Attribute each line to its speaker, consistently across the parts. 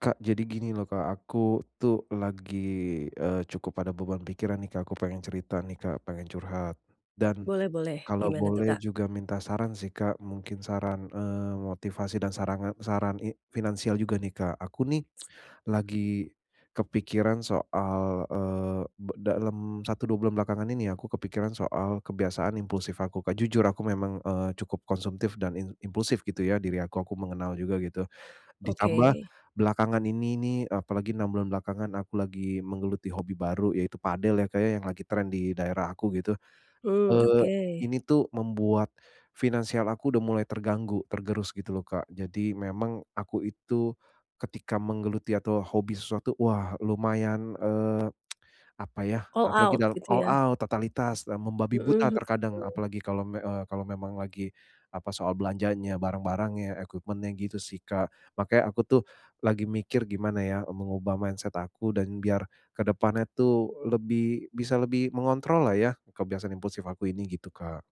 Speaker 1: Kak, jadi gini loh Kak, aku tuh, lagi, eee, cukup ada beban pikiran nih Kak, aku pengen cerita nih Kak, pengen curhat, dan
Speaker 2: Boleh boleh.
Speaker 1: kalau
Speaker 2: Gimana tu
Speaker 1: boleh
Speaker 2: Kak?
Speaker 1: juga minta saran sih Kak, mungkin saran, eee, motivasi dan sarange saran i finansial juga nih, Kak. Aku nih lagi kepikiran soal, eee, be dalem 1, 2 bulan belakangan ini ya, aku kepikiran soal kebiasaan impulsif aku Kak, jujur aku memang, eee, cukup konsumtif dan im impulsif gitu ya diri aku aku mengenal juga gitu. Ditambah
Speaker 2: Oke.
Speaker 1: belakangan ini nih, apalagi 6 bulan belakangan aku lagi menggeluti hobi baru yaitu padel ya Kak ya, yang lagi tren di daerah aku gitu.
Speaker 2: Mmm.
Speaker 1: Eee,
Speaker 2: Oke.
Speaker 1: ini tuh membuat finansial aku udah mulai terganggu, tergerus gitu loh Kak. Jadi, memang aku itu, ketika menggeluti atau hobi sesuatu, wah lumayan, eee, apa yah,
Speaker 2: All
Speaker 1: apalagi
Speaker 2: out,
Speaker 1: dal
Speaker 2: gitu
Speaker 1: all
Speaker 2: ya?
Speaker 1: out, totalitas, eee, membabi buta
Speaker 2: Mhm
Speaker 1: terkadang,
Speaker 2: mhm.
Speaker 1: apalagi kalau me eee, kalau memang lagi, apa, soal belanjanya, barang-barangnya, equipment-nya, gitu sih Kak. Makanya aku tuh lagi mikir, "Gimana ya, eee, mengubah mindset aku? Dan biar kedepannya tuh lebi bisa lebih mengontrollah ya, kebiasaan impulsif aku ini." Gitu, Kak.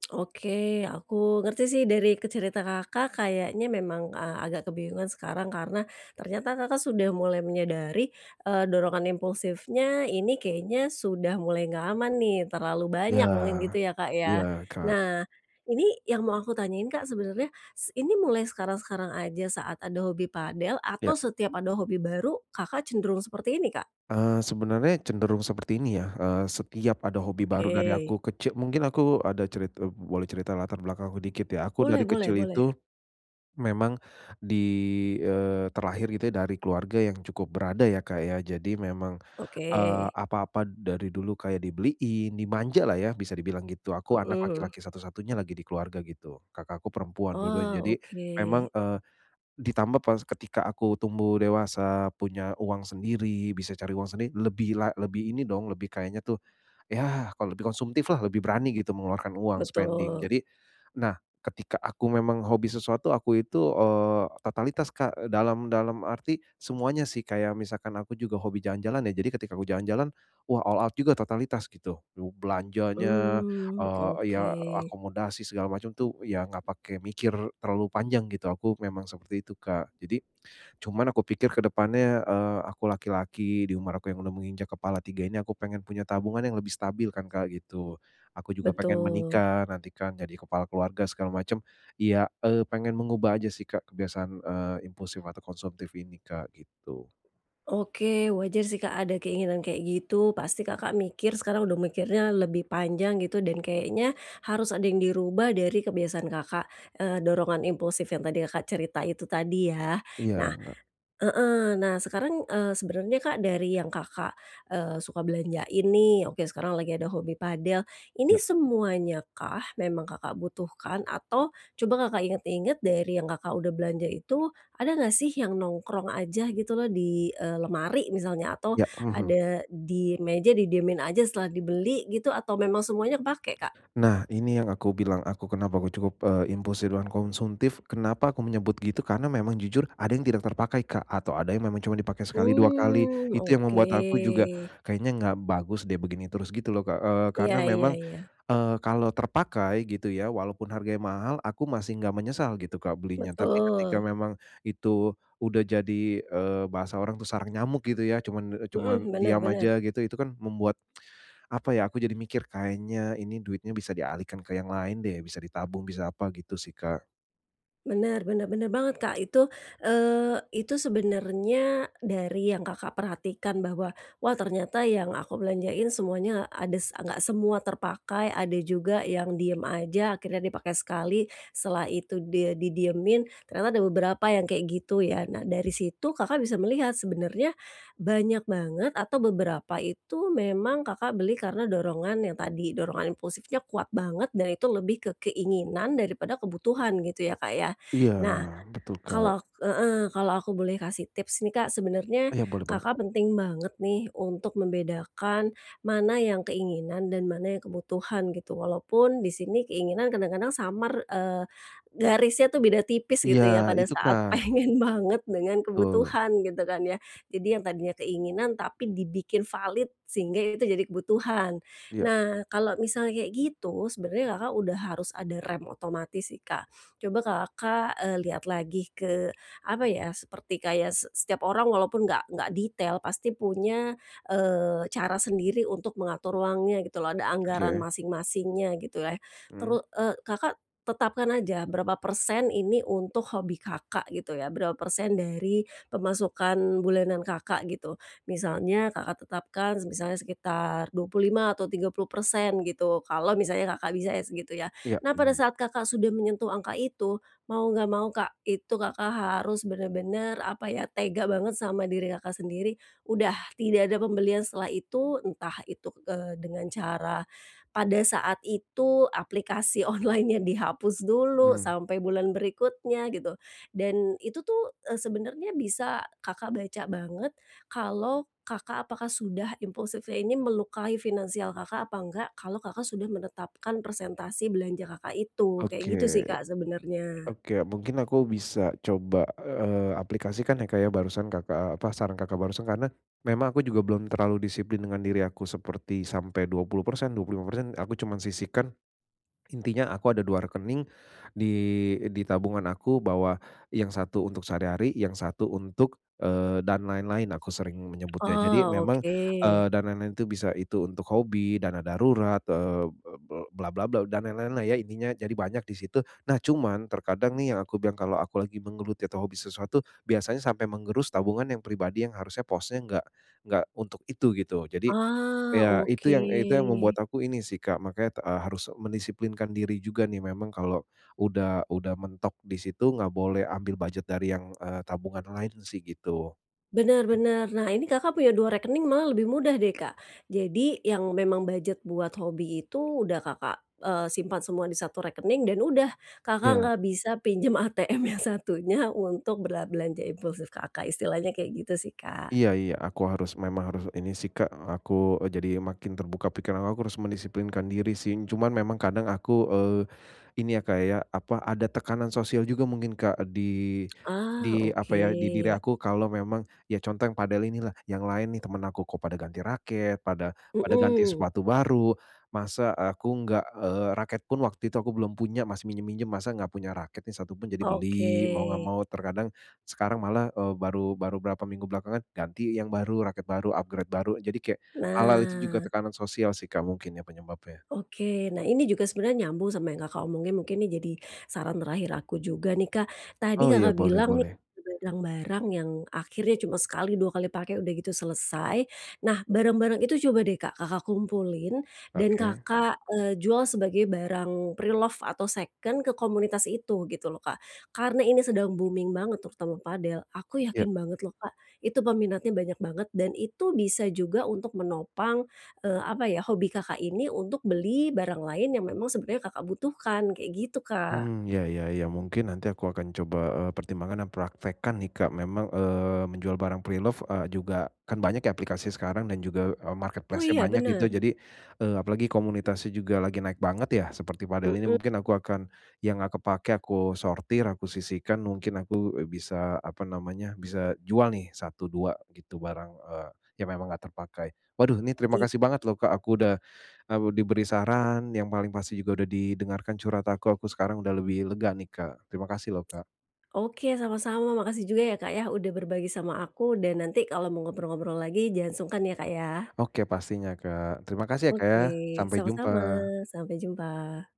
Speaker 2: Oke, aku ngerti sih dari ke cerita Kakak, kayaknya memang a agak kebingungan sekarang, karena ternyata Kakak sudah mulai menyadari, eee, dorongan impulsifnya ini kayaknya sudah mulai gak aman nih, terlalu
Speaker 1: Iya.
Speaker 2: banyak mungkin gitu ya Kak
Speaker 1: Iya,
Speaker 2: ya?
Speaker 1: Kak.
Speaker 2: Nah, ini yang mau aku tanyain Kak sebenarnya, s ini mulai sekarang-sekarang aja saat ada hobi padel
Speaker 1: Ya.
Speaker 2: atau setiap ada hobi baru Kakak cenderung seperti ini, Kak?
Speaker 1: Eee, sebenarnya cenderung seperti ini ya, eee, setiap ada hobi baru dari
Speaker 2: Oke.
Speaker 1: aku keci mungkin aku ada cerit eee, boleh cerita latar belakang aku dikit ya, aku dari
Speaker 2: Boleh boleh
Speaker 1: kecil
Speaker 2: boleh.
Speaker 1: itu, memang di eee, terlahir gitu ya dari keluarga yang cukup berada ya Kak ya. Jadi memang, eee,
Speaker 2: Oke.
Speaker 1: apa-apa dari dulu kayak dibeliin, dimanjalah ya bisa dibilang gitu. Aku anak
Speaker 2: Mhm.
Speaker 1: laki-laki satu-satunya lagi di keluarga gitu, kakakku perempuan dua-duanya,
Speaker 2: Oh.
Speaker 1: jadi
Speaker 2: Oke.
Speaker 1: memang, eee, ditambah pas ketika aku tumbuh dewasa punya uang sendiri, bisa cari uang sendi lebih la lebih ini dong, lebih kayaknya tuh, yah, kalau lebih konsumtif lah, lebih berani gitu mengeluarkan uang, spending.
Speaker 2: Betul.
Speaker 1: Jadi nah, ketika aku memang hobi sesuatu aku itu, eee, totalitas Kak dalam dalam arti semuanya sih, kayak misalkan aku juga hobi jalan-jalan ya. Jadi, ketika aku jalan-jalan, wah, all out juga totalitas gitu, lu belanjanya,
Speaker 2: Mmm.
Speaker 1: eee, ya
Speaker 2: Oke.
Speaker 1: akomodasi, segala macam tuh ya enggak pakai mikir terlalu panjang gitu aku memang seperti itu, Kak. Jadi cuman aku pikir ke depannya, eee, aku laki-laki di umur aku yang udah menginjak kepala 3 ini aku pengen punya tabungan yang lebih stabil kan Kak gitu, aku juga pengen
Speaker 2: Betul.
Speaker 1: menikah nanti kan jadi kepala keluarga segala macam iya, eee, pengen mengubah aja sih Kak kebiasaan, eee, impulsif atau konsumtif ini Kak, gitu.
Speaker 2: Oke. Wajar sih Kak, ada keinginan kayak gitu, pasti Kakak mikir sekarang udah mikirnya lebih panjang gitu dan kayaknya harus ada yang dirubah dari kebiasaan Kakak, eee, dorongan impulsif yang tadi Kakak cerita itu tadi yah.
Speaker 1: Iya.
Speaker 2: Nah
Speaker 1: Enggak.
Speaker 2: heeh, nah sekarang, eee, sebenernya Kak, dari yang Kakak, eee, suka belanjain nih, oke sekarang lagi ada hobi padel, ini
Speaker 1: Ya.
Speaker 2: semuanyakah, memang Kakak butuhkan? Atau coba Kakak inget-inget dari yang Kakak udah belanja itu, ada nggak sih yang nongkrong aja gitu loh di, eee, lemari misalnya atau
Speaker 1: Ya. Mhm.
Speaker 2: ada di meja didiemin aja setelah dibeli gitu atau memang semuanya kepakai, Kak?
Speaker 1: Nah, ini yang aku bilang aku kenapa aku cukup, eee, impulsif dan konsumtif, kenapa aku menyebut gitu, karena memang jujur ada yang tidak terpakai Kak, atau ada yang memang cuman dipakai sekali 2 kali.
Speaker 2: Mmm.
Speaker 1: Itu yang membuat aku juga,
Speaker 2: Oke.
Speaker 1: "Kayaknya nggak bagus deh begini terus." Gitu loh Kak, eee,
Speaker 2: Iya
Speaker 1: karena
Speaker 2: iya
Speaker 1: memang,
Speaker 2: iya.
Speaker 1: eee, kalau terpakai gitu ya, walaupun harganya mahal, aku masih enggak menyesal gitu Kak belinya. Tapi
Speaker 2: Betul.
Speaker 1: ketika memang itu udah jadi, eee, bahasa orang tuh sarang nyamuk gitu ya cuman, eee, cuman
Speaker 2: Mhm. Benar
Speaker 1: diam
Speaker 2: benar.
Speaker 1: aja gitu, itu kan membuat, apa ya aku jadi mikir, "Kayaknya ini duitnya bisa dialihkan ke yang lain deh, bisa ditabung bisa apa." Gitu sih, Kak.
Speaker 2: Benar benar benar banget, Kak, itu, eee, itu sebenarnya, dari yang Kakak perhatikan bahwa, "Wah, ternyata yang aku belanjain semuanya ada s enggak semua terpakai, ada juga yang diem aja akhirnya dipakai sekali, setelah itu dia didiemin. Ternyata ada beberapa yang kayak gitu ya." Nah, dari situ Kakak bisa melihat sebenarnya banyak banget atau beberapa itu memang Kakak beli karena dorongan yang tadi, dorongan impulsifnya kuat banget dan itu lebih ke keinginan daripada kebutuhan, gitu ya Kak ya?
Speaker 1: Iya,
Speaker 2: Nah,
Speaker 1: wah betul Kak.
Speaker 2: kalau ak heeh, kalau aku boleh kasih tips nih Kak, sebenarnya
Speaker 1: Iya, boleh banget
Speaker 2: Kakak
Speaker 1: Kak.
Speaker 2: penting banget nih, untuk membedakan mana yang keinginan dan mana yang kebutuhan, gitu. Walaupun di sini keinginan kadang-kadang samar, eee, garisnya tuh beda tipis
Speaker 1: Iya,
Speaker 2: gitu ya pada
Speaker 1: itu
Speaker 2: saat
Speaker 1: Kak.
Speaker 2: pengen banget dengan
Speaker 1: Tul.
Speaker 2: kebutuhan gitu kan ya. Jadi yang tadinya keinginan tapi dibikin valid, sehingga itu jadi kebutuhan.
Speaker 1: Iya.
Speaker 2: Nah, kalau misalnya kayak gitu sebenarnya Kakak udah harus ada rem otomatis sih, Kak. Coba Kakak, eee, lihat lagi ke, apa ya, seperti kayak se setiap orang walaupun nggak nggak detail pasti punya, eee, cara sendiri untuk mengatur uangnya gitu loh, ada anggaran
Speaker 1: Oke.
Speaker 2: masing-masingnya gitulah.
Speaker 1: Mhm.
Speaker 2: Teru eee, Kakak tetapkan aja berapa persen ini untuk hobi Kakak gitu ya, berapa persen dari pemasukan bulanan Kakak gitu. Misalnya Kakak tetapkan, semisalnya sekitar 25% atau 30% gitu kalau misalnya Kakak bisa ya segitu ya.
Speaker 1: Iya,
Speaker 2: Nah, pada
Speaker 1: mhm.
Speaker 2: saat Kakak sudah menyentuh angka itu, mau enggak mau Kak, itu Kakak harus benar-benar, apa ya, tega banget sama diri Kakak sendiri, "Udah, tidak ada pembelian setelah itu." Entah itu, eee, dengan cara pada saat itu aplikasi online-nya dihapus dulu
Speaker 1: Mmm.
Speaker 2: sampai bulan berikutnya gitu dan itu tuh, eee, sebenarnya bisa Kakak baca banget, kalau Kakak apakah sudah impulsifnya ini melukai finansial Kakak apa nggak, kalau Kakak sudah menetapkan persentase belanja Kakak itu. Kayak gitu sih
Speaker 1: Oke.
Speaker 2: Kak, sebenarnya.
Speaker 1: Oke, mungkin aku bisa coba, eee, aplikasikan ya Kak ya, barusan Kakak apa, saran Kakak barusan. Karena memang aku juga belum terlalu disiplin dengan diri aku seperti sampai 20%, 25% aku cuma sisihkan, intinya aku ada 2 rekening, di eee, di tabungan aku bahwa yang satu untuk sehari-hari, yang satu untuk, eee, dan lain-lain, aku sering menyebutnya. Jadi,
Speaker 2: Oh.
Speaker 1: memang, eee,
Speaker 2: Oke.
Speaker 1: dan lain-lain itu bisa itu untuk hobi, dana darurat, eee, be be bla bla bla, dan lain-lainlah ya intinya, jadi banyak di situ. Nah cuman, terkadang nih yang aku bilang kalau aku lagi menggeluti atau hobi sesuatu, biasanya sampai menggerus tabungan yang pribadi yang harusnya posnya enggak enggak untuk itu gitu. Jadi,
Speaker 2: Oh.
Speaker 1: iya itu yang itu yang
Speaker 2: Oke.
Speaker 1: membuat aku ini sih Kak, makanya te eee, harus mendisiplinkan diri juga nih. Memang kalau udah udah mentok di situ enggak boleh ambil budget dari yang, eee, tabungan lain sih, gitu.
Speaker 2: Bener
Speaker 1: Oke.
Speaker 2: bener. Nah, ini Kakak punya 2 rekening malah lebih mudah deh, Kak. Jadi, yang memang budget buat hobi itu udah Kakak, eee, simpan semua di 1 rekening dan udah, Kakak
Speaker 1: Iya.
Speaker 2: nggak bisa pinjam ATM yang satunya untuk bela belanja impulsif Kakak, istilahnya kayak gitu sih, Kak.
Speaker 1: Iya iya, aku harus, memang harus ini sih Kak, aku, eee, jadi makin terbuka pikiran aku harus mendisiplinkan diri sing. Cuman memang kadang aku, eee, ini ya Kak ya, apa, ada tekanan sosial juga mungkin Kak, di
Speaker 2: Ah.
Speaker 1: di apa ya, di diri
Speaker 2: Oke.
Speaker 1: aku kalau memang ya contoh yang padel inilah, yang lain nih temen aku kok pada ganti raket, pada pada ganti
Speaker 2: Mhm.
Speaker 1: sepatu baru, masa aku enggak, eee, raket pun waktu itu aku belum punya masih minjam-minjam, masak nggak punya raket nih satu pun, jadi
Speaker 2: Oke.
Speaker 1: beli, mau nggak mau, terkadang sekarang malah, eee, baru baru berapa minggu belakangan ganti yang baru, raket baru, upgrade baru. Jadi kayak hal-hal itu juga
Speaker 2: Nah.
Speaker 1: tekanan sosial sih Kak, mungkin ya penyebabnya.
Speaker 2: Oke. Nah ini juga sebenernya nyambung sama yang Kakak omongin, mungkin ini jadi saran terakhir aku juga nih, Kak. Tadi
Speaker 1: Oh iya.
Speaker 2: Kakak
Speaker 1: Boleh
Speaker 2: bilang nih,
Speaker 1: boleh.
Speaker 2: barang-barang yang akhirnya cuma sekali, 2 kali pake udah gitu selesai. Nah, barang-barang itu coba deh Kak, Kakak kumpulin, dan
Speaker 1: Oke.
Speaker 2: Kakak, eee, jual sebagai barang preloved atau seken ke komunitas itu, gitu loh Kak. Karena ini sedang booming banget terutama padel, aku
Speaker 1: Iya.
Speaker 2: yakin banget loh Kak, itu peminatnya banyak banget dan itu bisa juga untuk menopang, eee, apa ya, hobi Kakak ini untuk beli barang lain yang memang sebenarnya Kakak butuhkan, kayak gitu, Kak.
Speaker 1: Mmm. Iya iya iya, mungkin nanti aku akan coba, eee, pertimbangkan dan praktekkan nih Kak, memang, eee, menjual barang preloved, eee, juga kan banyak ya aplikasi sekarang dan juga, eee,
Speaker 2: Oh
Speaker 1: marketplace-nya
Speaker 2: iya,
Speaker 1: banyak gitu.
Speaker 2: benar?
Speaker 1: Jadi, eee, apalagi komunitasnya juga lagi naik banget ya, seperti padel ini
Speaker 2: Mhm.
Speaker 1: mungkin aku akan, yang gak kepakai aku sortir, aku sisihkan, mungkin aku, eee, bisa apa namanya, bisa jual nih 1, 2 gitu barang, eee, yang memang enggak terpakai. Waduh, ini terima
Speaker 2: Iy
Speaker 1: kasih banget loh Kak, aku udah, eee, b diberi saran, yang paling pasti juga udah didengarkan curhat aku. Aku sekarang udah lebih lega nih Kak. Terima kasih loh, Kak.
Speaker 2: Oke. Sama-sama, makasih juga ya Kak yah, udah berbagi sama aku dan nanti kalau mau ngobrol-ngobrol lagi, jangan sungkan ya Kak, ya.
Speaker 1: Oke pastinya, Kak. Terima kasih ya Kak ya,
Speaker 2: Oke.
Speaker 1: sampai jumpa.
Speaker 2: Sama-sama, sampai jumpa.